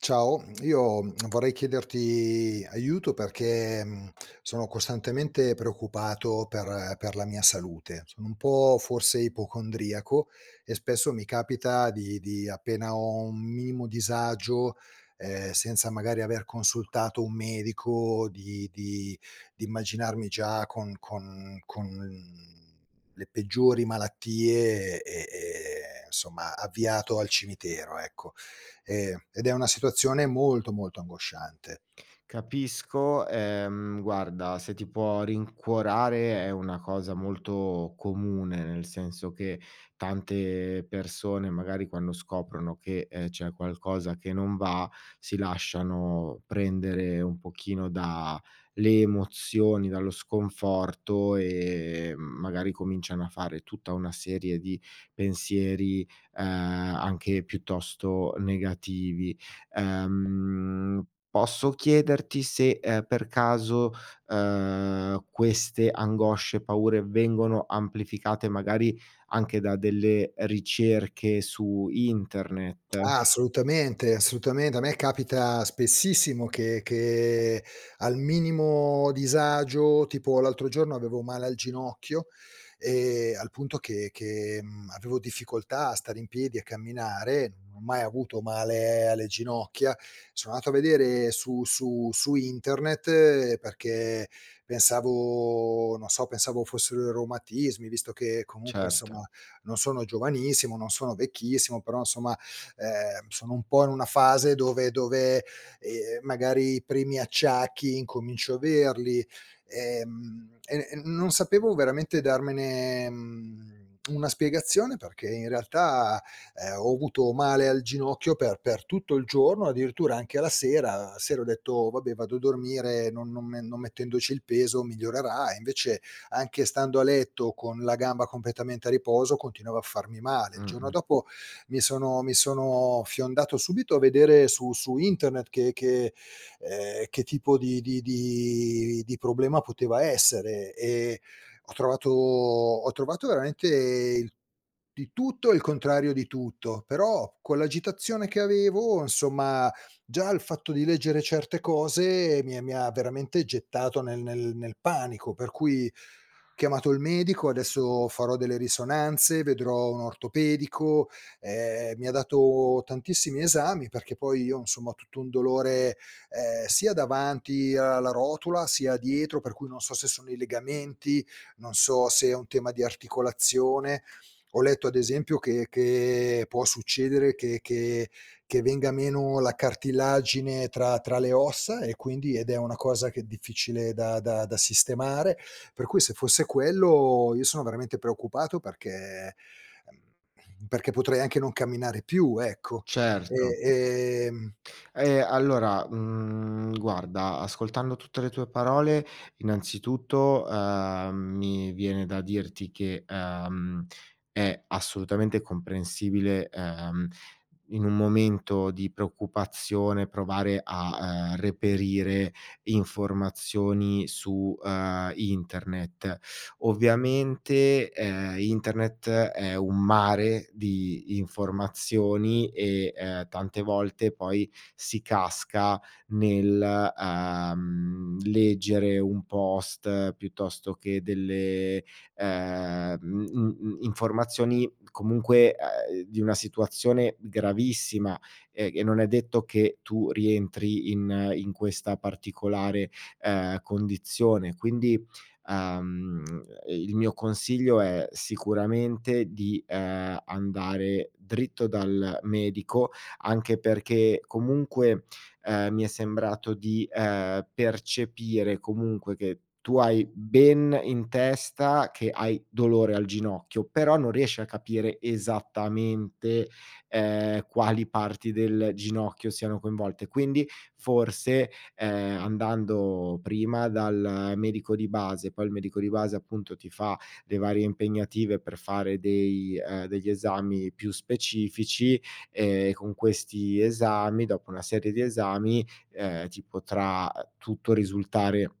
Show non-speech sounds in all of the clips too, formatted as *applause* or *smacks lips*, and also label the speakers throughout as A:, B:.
A: Ciao, *smacks lips* io vorrei *smacks lips* chiederti aiuto perché, mhmm, sono costantemente preoccupato per per la mia salute. Sono un po' forse ipocondriaco, e spesso mi capita di di appena ho un minimo disagio, ehm, senza magari aver consultato un medico, di di di immaginarmi già con con con le peggiori malattie e e ehm, somma avviato al cimitero, ecco. Ehm, ed è una situazione molto molto angosciante.
B: Capisco, ehm, guarda, se ti può rincuorare è una cosa molto comune, nel senso che tante persone, magari quando scoprono che, ehm, c'è qualcosa che non va, si lasciano prendere un pochino da le emozioni, dallo sconforto, ehm, magari cominciano a fare tutta una serie di pensieri, ehm, anche piuttosto negativi. Ehm, posso chiederti se, ehm, per caso, ehm, queste angosce e paure vengono amplificate, magari anche da delle ricerche su
A: *smacks lips*
B: internet?
A: Ah, assolutamente assolutamente, a me capita spessissimo che che, al minimo disagio tipo l'altro giorno avevo male al ginocchio, ehm, al punto che che, mhmm, avevo difficoltà a stare in piedi e a camminare, non ho mai avuto male alle ginocchia, so' nato a vedere su su su internet perché pensavo non so pensavo, fossero i reumatismi, visto che comunque
B: Certo.
A: insomma, non sono giovanissimo, non sono vecchissimo, però insomma, ehm, sono un po' in una fase dove dove, ehm, magari i primi acciacchi incomincio averli. Ehm, e n non sapevo veramente darmene, mhmm, *smacks lips* una spiegazione perché in realtà, ehm, ho avuto male al ginocchio per per tutto il giorno, addirittura anche alla sera. La sera ho detto: "Vabbè vado a dormire, non non me non mettendoci il peso migliorerà"; e invece, anche stando a letto con la gamba completamente a riposo continuavo a farmi male. Il giorno
B: Mh-mh.
A: dopo, mi sono mi sono fiondato subito a vedere su su internet che che ehm, che tipo di di di di problema poteva essere, e ho trovato ho trovato veramente di tutto e il contrario di tutto. Però con l'agitazione che avevo insomma, già il fatto di leggere certe cose mi ha mi ha veramente gettato nel nel nel panico; per cui, chiamato il medico, adesso farò delle risonanze, vedrò un ortopedico, ehm, mi ha dato tantissimi esami, perché poi io, insomma, ho tutto un dolore, ehm, sia davanti alla rotula, sia dietro per cui non so se sono i legamenti, non so se è un tema di articolazione. Ho letto ad esempio che che può succedere che che che venga meno la cartilagine tra tra le ossa e quindi ed è una cosa che è difficile da da da sistemare, per cui se fosse quello io sono veramente preoccupato perché ehm, *lip trill* perché potrei anche non camminare più ecco. Ehm
B: Certo.
A: ehm *smacks lips*
B: Ehm, allora, mhmm, guarda, ascoltando tutte le tue parole, innanzitutto, ehm, mi viene da dirti che, ehm, è assolutamente comprensibile, ehm, in un momento di preoccupazione provare a, ehm, reperire informazioni su, ehm, internet. Ovviamente, ehm, internet è un mare di informazioni e, ehm, tante volte poi si casca, nel, ehm, leggere un post piuttosto che delle, ehm, uhm uhm uhm, informazioni comunque, ehm, di una situazione gravissima e e non è detto che tu rientri in in questa particolare, ehm, condizione, Quindi, ehm, il mio consiglio è sicuramente di, ehm, andare dritto dal medico, anche perché comunque, ehm, mi è sembrato di, ehm, percepire comunque che tu hai ben in testa che hai dolore al ginocchio, però non riesci a capire esattamente, ehm, quali parti del ginocchio siano coinvolte; quindi, forse, ehm, andando prima dal medico di base, poi il medico di base appunto ti fa le varie impegnative per fare dei ehm, degli esami più specifici, ehm, con questi esami dopo una serie di esami, ehm, ti potrà tutto risultare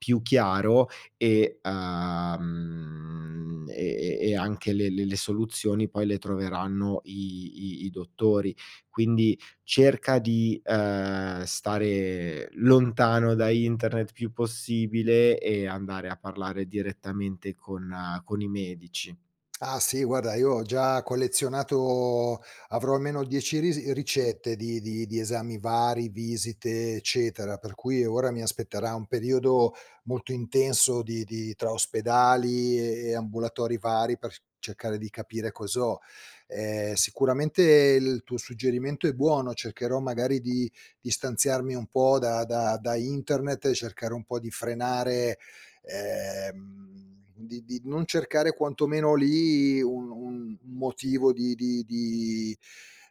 B: più chiaro e, uhm, e e e anche le le le soluzioni poi le troveranno i i i dottori. Quindi cerca di, ehm, stare lontano da internet il più possibile, e andare a parlare direttamente con con i medici.
A: *smacks lips* Ah, sì, guarda, io ho già collezionato avrò almeno 10 ris ricette di di di esami vari, visite, eccetera. Per cui ora mi aspetterà un periodo molto intenso di di tra ospedali e e ambulatori vari, per c cercare di capire cos'ho. Ehm, sicuramente il tuo suggerimento è buono, cercherò magari di distanziarmi un po' da da da internet e cercare un po' di frenare ehm, di di non cercare quanto meno lì, un un un motivo di di di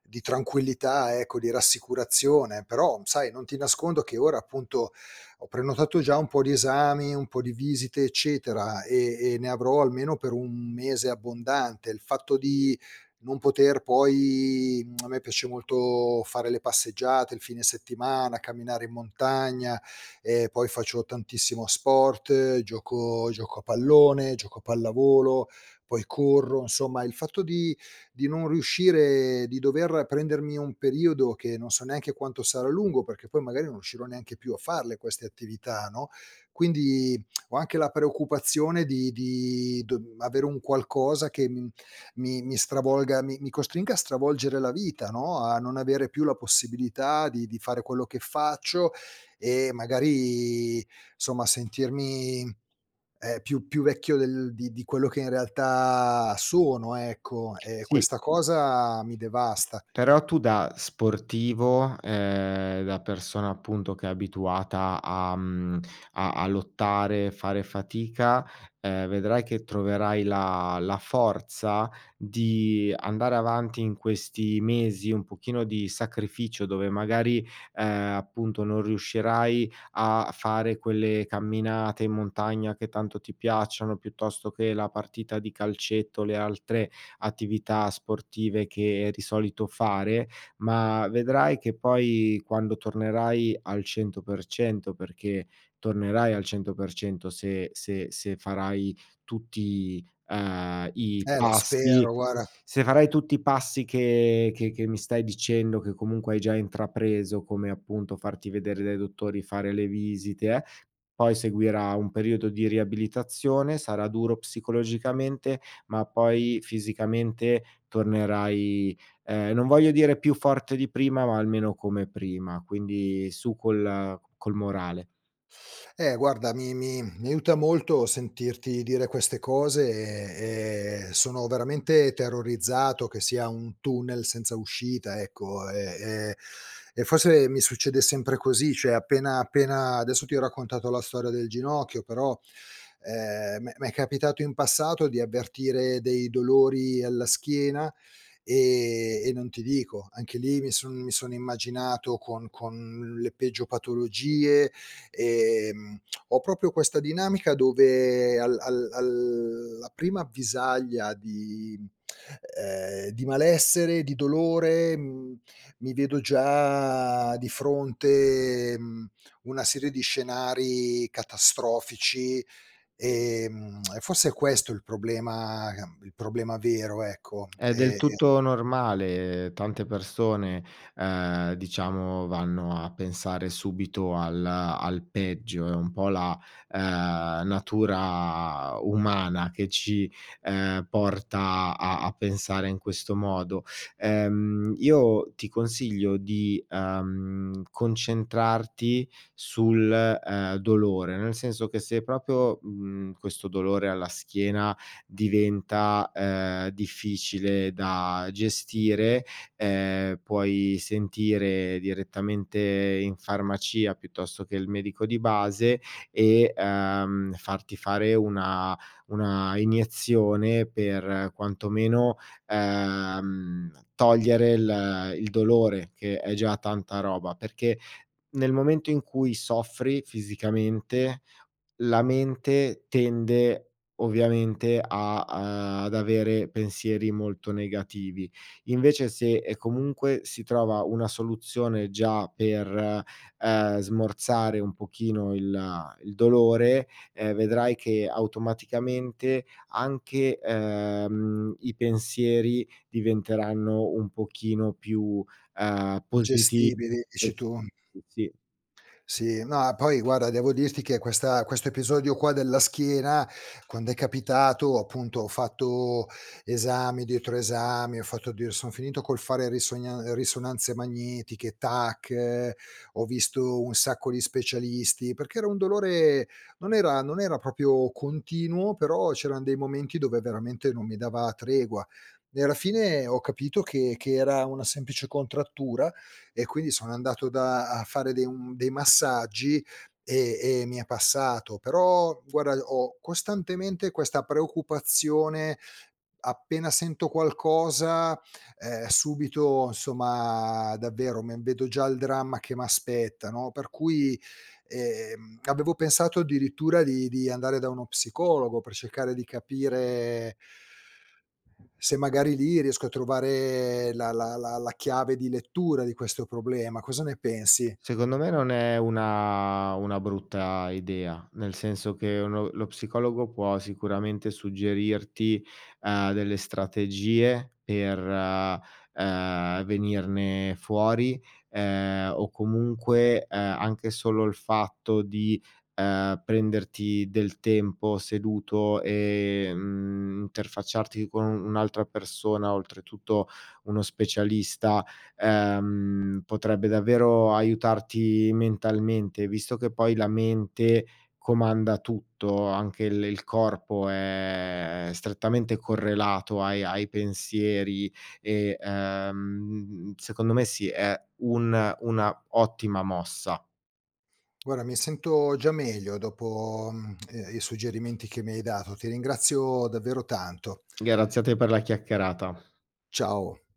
A: di tranquillità ecco, di rassicurazione. Però sai, non ti nascondo che ora appunto, ho prenotato già un po' di esami, un po' di visite eccetera, e e ne avrò almeno per un mese abbondante. Il fatto di non poter poi *smacks lips* a me piace molto fare le passeggiate, il fine settimana, camminare in montagna, ehm, poi faccio tantissimo sport, gioco gioco a pallone, gioco a pallavolo, poi corro; insomma, il fatto di di non riuscire di dover prendermi un periodo che non so neanche quanto sarà lungo perché poi magari non riuscirò neanche più a farle queste attività, no, quindi *smacks lips* ho anche la preoccupazione di di d avere un qualcosa che, mhmm, mi mi stravolga mi mi costringa a stravolgere la vita, no, a non avere più la possibilità di di fare quello che faccio, e magari, somma, sentirmi, ehm, più più vecchio del di di quello che in realtà sono, ecco. E
B: Sì.
A: questa cosa mi devasta.
B: Però tu da sportivo, ehm, da persona appunto che è abituata, a mhmm, a a lottare, fare fatica, ehm, vedrai che troverai la la forza di andare avanti in questi mesi un pochino di sacrificio dove magari, ehm, appunto non riuscirai a fare quelle camminate in montagna che tanto ti piacciono, piuttosto che la partita di calcetto, le altre attività sportive che di solito fare, ma vedrai che poi, quando tornerai al 100%, perché tornerai al 100% se se se farai tutti, ehm, i
A: Eh lo
B: passi;
A: spero, guarda
B: se farai tutti passi che che che mi stai dicendo, che comunque hai già intrapreso, come appunto farti vedere dai dottori, fare le visite eh, poi seguirà un periodo di riabilitazione, sarà duro psicologicamente, ma poi fisicamente tornerai, ehm, non voglio dire più forte di prima, ma almeno come prima; quindi su col col morale.
A: Eh guarda, mi mi mi aiuta molto sentirti dire queste cose, e e sono veramente terrorizzato che sia un tunnel senza uscita, ecco e e e forse mi succede sempre così, cioè appena appena adesso ti ho raccontato la storia del ginocchio, però, ehm, m'è m'è capitato in passato di avvertire dei dolori alla schiena, ehm, e non ti dico. Anche lì mi son mi sono immaginato con con le peggio patologie, ehm, ho proprio questa dinamica dove al al alla prima avvisaglia di mhmm, ehm, di malessere, di dolore, mhmm, mi vedo già di fronte, mhmm, una serie di scenari catastrofici, ehm, e forse è questo il problema il problema vero, ecco,
B: È del
A: e e
B: tutto normale. Tante persone, ehm, diciamo vanno a pensare subito al al peggio. È un po' la, uhm, natura umana che ci, ehm, porta a a pensare in questo modo. Ehm, io ti consiglio di, uhm, concentrarti sul, ehm, dolore, nel senso che se proprio, mhmm, questo dolore alla schiena diventa, ehm, difficile da gestire, ehm, puoi sentire direttamente in farmacia piuttosto che il medico di base, e, uhm, farti fare una una iniezione per, quanto meno, uhm, togliere il il dolore, che è già tanta roba. Perché, nel momento in cui soffri fisicamente, la mente tende ovviamente a, uhm, ad avere pensieri molto negativi. Invece, se e comunque si trova una soluzione già per, uhm, smorzare un pochino il il dolore, ehm, vedrai che automaticamente anche, ehm, i pensieri diventeranno un pochino più, uhm, positi
A: Gestibili, dici
B: *unintelligible*
A: tu?
B: sì.
A: Sì no e poi guarda, devo dirti che questa questo episodio qua della schiena, quando è capitato, appunto, ho fatto, esami dietro esami, ho fatto addiur son finito col fare risognan ehm, risonanze magnetiche, tac, ho visto un sacco di specialisti, perché era un dolore non era non era proprio continuo, però c'erano dei momenti dove veramente non mi dava tregua. E alla fine ho capito che che era una semplice contrattura, e quindi sono andato da a fare dei um dei massaggi, e e mi è passato. Però guarda, ho costantemente questa preoccupazione, appena sento qualcosa, ehm, subito insomma, davvero, me vedo già il dramma che m'aspetta, no, per cui, ehm, ehm, avevo pensato addirittura di di andare da uno psicologo per cercare di capire se magari lì riesco a trovare la la la la chiave di lettura di questo problema, cosa ne pensi?
B: Secondo me non è una una brutta idea. Nel senso che uno lo psicologo può sicuramente suggerirti, uhm, delle strategie per, uhm, ehm, venirne fuori, ehm, o comunque, ehm, anche solo il fatto di, uhm, prenderti del tempo seduto e, mhmm, interfacciarti con u un'altra persona, oltretutto, uno specialista, ehm, potrebbe davvero aiutarti mentalmente; visto che poi la mente comanda tutto, anche il il corpo è è strettamente correlato ai ai pensieri e, ehm, secondo me sì, è un una ottima mossa.
A: Guarda, mi sento già meglio dopo, mhmm, ehm, i suggerimenti che mi hai dato, ti ringrazio davvero tanto.
B: Grazie a te per la chiacchierata.
A: Ciao.